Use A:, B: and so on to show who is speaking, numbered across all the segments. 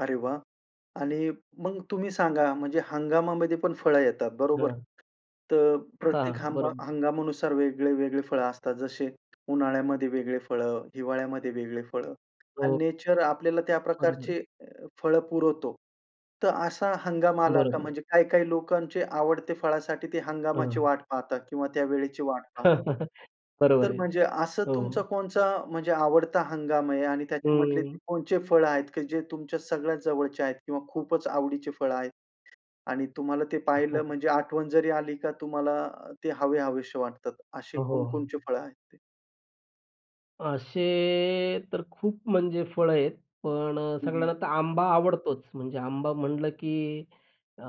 A: अरे वाह! आणि मग तुम्ही सांगा, म्हणजे हंगामामध्ये पण फळं येतात, बरोबर?
B: हां.
A: तर
B: हां,
A: प्रत्येक
B: हां,
A: हंमा
B: बरोबर.
A: हंगामानुसार वेगळे-वेगळे फळं असतात. जसे उन्हाळ्यामध्ये वेगळे फळं, हिवाळ्यामध्ये वेगळे फळं आणि
B: हो.
A: नेचर आपल्याला त्या
B: बरोबर.
A: प्रकारचे अ, फळं पुरवतो. तर असा हंगामाला का
B: बरोबर आहे.
A: म्हणजे काही-काही लोकांचे आवडते फळासाठी ते हंगामाची
B: हां.
A: वाट पाहतात किंवा त्या वेळेची वाट पाहतात.
B: बरोबर
A: तर
B: आहे,
A: म्हणजे असं तुमचा
B: हो
A: कोणचा म्हणजे आवडता हंगाम आहे? आणि त्याच्यामधले
B: हं.
A: ते कोणचे फळं आहेत, की जे तुमच्या सगळ्यात जवळचे आहेत किंवा खूपच आवडीचे फळं आहेत आणि तुम्हाला ते पाहिलं म्हणजे आठवण जरी आली का तुम्हाला, ते हवेहवेसे वाटतात. असे
B: हो, हो.
A: कोण-कोणचे फळं आहेत ते?
B: असे तर खूप म्हणजे फळं आहेत पण अ,
A: हं, हं.
B: सगळ्यांना तर आंबा आवडतोच म्हणजे आंबा म्हटलं की अ,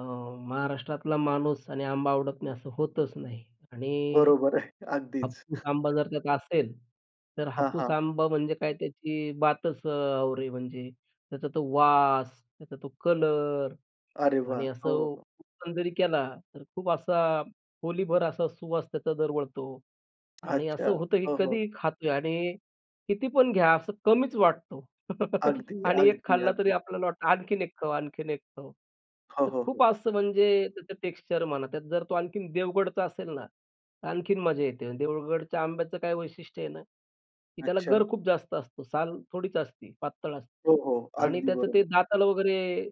B: महाराष्ट्रातला माणूस आणि आंबा आवडत नाही असं होतच नाही आणि
A: बरोबर आहे.
B: अ,
A: अगदीच.
B: हापूस आंबा जर त्यात असेल, तर
A: हां,
B: हापूस
A: हां.
B: आंबा म्हणजे काय त्याची बातच अ, और म्हणजे. त्याचा तो वास, त्याचा तो कलर
A: अरे वाह!
B: आणि असं
A: हो, हो.
B: ओपन जरी केला तर खूप असा खोलीभर असा सुवास त्याचा दरवळतो आणि
A: अच्छा,
B: असं होतं की
A: हो, हो.
B: कधी खातोय आणि किती पण घ्या, असं कमीच वाटतो
A: अगदी,
B: आणि 1
A: अगदी,
B: खाल्ला, तरी
A: अगदी.
B: आपल्याला वाटतं आणखीन 1 खाऊ, आणखीन 1 खाऊ
A: हो,
B: तर
A: हो,
B: खूप
A: हो.
B: असं म्हणजे त्याचं टेक्स्चर म्हणा, त्यात जर तो आणखीन देवगडचा असेल ना, आणखीन मजा येते. देवगडच्या आंब्याचं काय वैशिष्ट्य आहे ना, की त्याला
A: अच्छा.
B: गर खूप जास्त असतो. साल थोडीच असती, पातळ असते
A: हो, हो,
B: आणि
A: अगदी
B: त्याचं ते
A: बरोबर.
B: दाताला वगैरे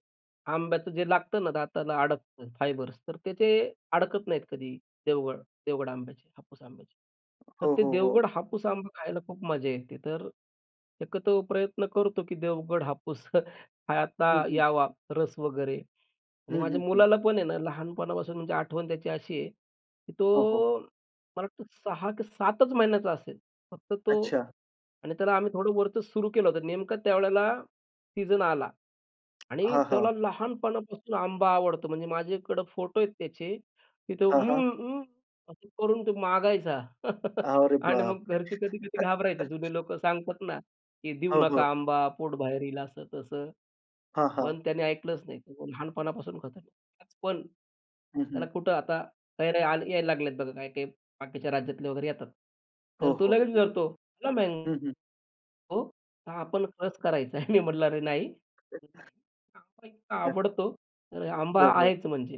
B: आंब्याचं जे लागतं ना, दाताला अडकत फायबर्स तर त्याचे अडकत नाहीत कधी देवगड देवगड आंब्याचे, हापूस आंब्याचे. तर
A: हो,
B: ते
A: हो, हो.
B: देवगड हापूस आंबा खायला खूप मजा येते. तर एकत्र प्रयत्न करतो की देवगड हापूस, हा आता
A: हं, हं.
B: यावा, रस वगैरे आणि
A: हं, हं,
B: माझ्या
A: हं.
B: मुलाला पण आहे ना, लहानपणापासून म्हणजे आठवण त्याची अशी आहे, की
A: हो, हो.
B: तो मला वाटतं 6 की 7च महिन्याचा असेल, फक्त तो
A: अच्छा.
B: आणि त्याला आम्ही थोडं वरचं सुरू केलं होतं. नेमकं त्यावेळेला सीजन आला आणि
A: हां, हां.
B: त्याला लहानपणापासून आंबा आवडतो. म्हणजे माझ्याकडं फोटो आहेत त्याचे, तिथं
A: हां, हां.
B: "उम्म, उम्म" असं करून तो मागायचा
A: अरे
B: आणि मग
A: बापरे!
B: घरचे कधी-कधी घाबरायचे जुने लोकं सांगतात ना, की "देऊ
A: हो, हो.
B: नका आंबा, पोट बाहेर येईल असं-तसं."
A: हां, हां.
B: पण त्यानी ऐकलंच नाही. तो लहानपणापासून खातो तो. पण,
A: हं,
B: त्याला
A: हं.
B: कुठं आता कैऱ्या आल यायला लागल्यात बघा, काही-काही बाकीच्या राज्यातले वगैरे येतात.
A: हो,
B: तर तो
A: हो,
B: लगेच
A: हो.
B: विचारतो. लेमॅन
A: हं, हं.
B: हो, [unintelligible] आपण रस करायचा आहे. मी म्हणलं, "अरे! नाही," [unintelligible] इतका आवडतो तर आंबा
A: हो, हो.
B: आहेच म्हणजे.